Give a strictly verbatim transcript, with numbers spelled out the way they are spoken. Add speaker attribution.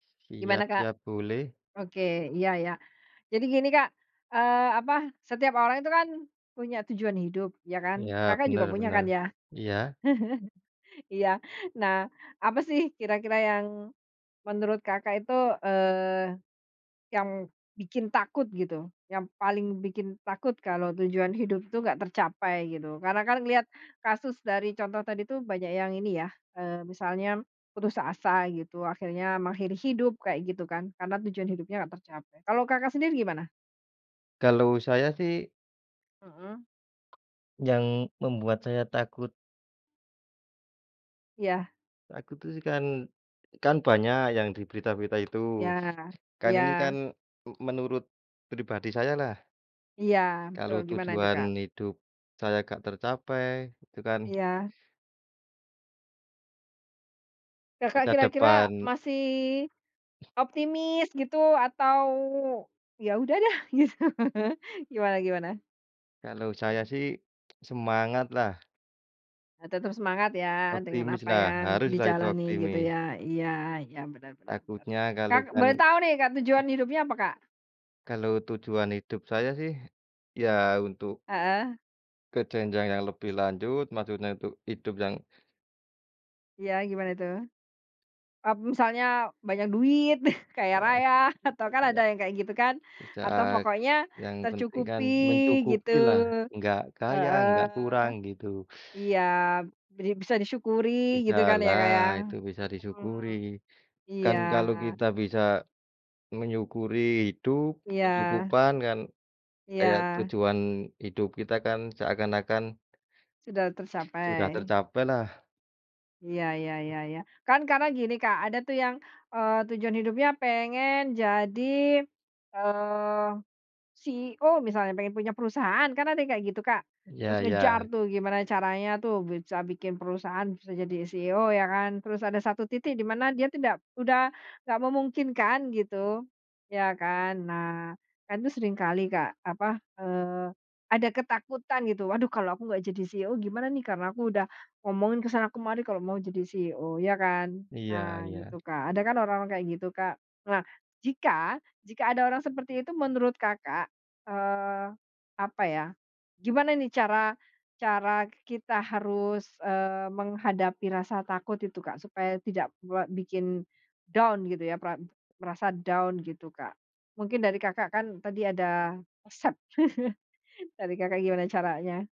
Speaker 1: Gimana,
Speaker 2: Siap
Speaker 1: Kak?
Speaker 2: siap, boleh.
Speaker 1: Oke. Iya iya. Jadi gini, Kak, eee, apa, setiap orang itu kan punya tujuan hidup, ya kan?
Speaker 2: Iya.
Speaker 1: Kakak juga
Speaker 2: Bener
Speaker 1: punya
Speaker 2: bener.
Speaker 1: kan ya?
Speaker 2: Iya?
Speaker 1: Iya. Nah, apa sih kira-kira yang menurut Kakak itu, eee, yang bikin takut gitu, yang paling bikin takut kalau tujuan hidup itu nggak tercapai, gitu? Karena kan ngelihat kasus dari contoh tadi tuh banyak yang ini ya, eee, misalnya putus asa gitu akhirnya mengakhiri hidup, kayak gitu kan. Karena tujuan hidupnya nggak tercapai. Kalau Kakak sendiri gimana?
Speaker 2: Kalau saya sih
Speaker 1: Mhm.
Speaker 2: yang membuat saya takut
Speaker 1: Iya.
Speaker 2: Aku tuh sekan kan banyak yang di berita-berita itu.
Speaker 1: Ya.
Speaker 2: Kan ini
Speaker 1: Iya.
Speaker 2: kan m menurut pribadi sayalah.
Speaker 1: Iya, betul.
Speaker 2: Kalau
Speaker 1: Gimana itu,
Speaker 2: tujuan
Speaker 1: Kak?
Speaker 2: hidup saya nggak tercapai, itu kan
Speaker 1: Iya. Kakak
Speaker 2: masa
Speaker 1: kira-kira
Speaker 2: depan
Speaker 1: masih optimis gitu atau ya udah deh? Gitu. Gimana gimana?
Speaker 2: Kalau saya sih semangatlah.
Speaker 1: E tetap semangat ya dengan apa
Speaker 2: Optimislah.
Speaker 1: yang
Speaker 2: Haruslah itu
Speaker 1: dijalani, gitu
Speaker 2: optimis!
Speaker 1: ya. Iya iya, benar benar benar.
Speaker 2: Takutnya kalau
Speaker 1: Kak,
Speaker 2: kan
Speaker 1: boleh tahu nih, Kak, tujuan
Speaker 2: eh.
Speaker 1: hidupnya apa, Kak?
Speaker 2: Kalau tujuan hidup saya sih, ya untuk
Speaker 1: Heeh.
Speaker 2: ke jenjang yang lebih lanjut, maksudnya itu hidup yang
Speaker 1: Iya, gimana itu? Oh, misalnya banyak duit,
Speaker 2: Baik
Speaker 1: kaya-raya,
Speaker 2: ya,
Speaker 1: atau kan
Speaker 2: Kak,
Speaker 1: ada
Speaker 2: ya.
Speaker 1: yang kayak gitu kan.
Speaker 2: Di
Speaker 1: Atau
Speaker 2: saat
Speaker 1: pokoknya
Speaker 2: yang penting
Speaker 1: tercukupi
Speaker 2: kan
Speaker 1: gitu.
Speaker 2: mencukupilah. Nggak kaya, nggak
Speaker 1: Heeh.
Speaker 2: kurang, gitu.
Speaker 1: Iya, bri bisa disyukuri gitu kan ya,
Speaker 2: Bisalah,
Speaker 1: Kak, ya.
Speaker 2: itu bisa disyukuri.
Speaker 1: Mhm.
Speaker 2: Kan
Speaker 1: Iya.
Speaker 2: kalau kita bisa menyukuri hidup,
Speaker 1: Iya.
Speaker 2: kecukupan kan kayak
Speaker 1: Iya.
Speaker 2: tujuan hidup kita kan seakan-akan
Speaker 1: Sudah
Speaker 2: sudah
Speaker 1: tercapai.
Speaker 2: tercapailah.
Speaker 1: Iya iya iya iya. Kan karena gini, Kak. Ada tuh yang, eee, tujuan hidupnya pengen jadi, eee, CEO misalnya, pengen punya perusahaan. Kan ada yang kayak gitu, Kak. Terus
Speaker 2: Ya
Speaker 1: ngejar
Speaker 2: ya.
Speaker 1: tuh gimana caranya tuh bisa bikin perusahaan, bisa jadi CEO, ya kan. Terus ada satu titik di mana dia tidak udah nggak memungkinkan gitu. Ya kan? Nah, kan itu seringkali Kak, apa, eee, ada ketakutan gitu, "Waduh, kalau aku nggak jadi CEO gimana nih? Karena aku udah ngomongin ke sana kemari kalau mau jadi CEO." Ya kan?
Speaker 2: Iya
Speaker 1: Nah,
Speaker 2: iya.
Speaker 1: gitu, Kak. Ada kan orang-orang kayak gitu, Kak. Nah, jika jika ada orang seperti itu menurut Kakak, eee, apa ya, gimana nih cara cara k kita harus, eee, menghadapi rasa takut itu, Kak, supaya tidak buat bikin down, gitu ya, perap merasa down, gitu, Kak? Mungkin dari Kakak kan tadi ada resep dari Kakak gimana caranya?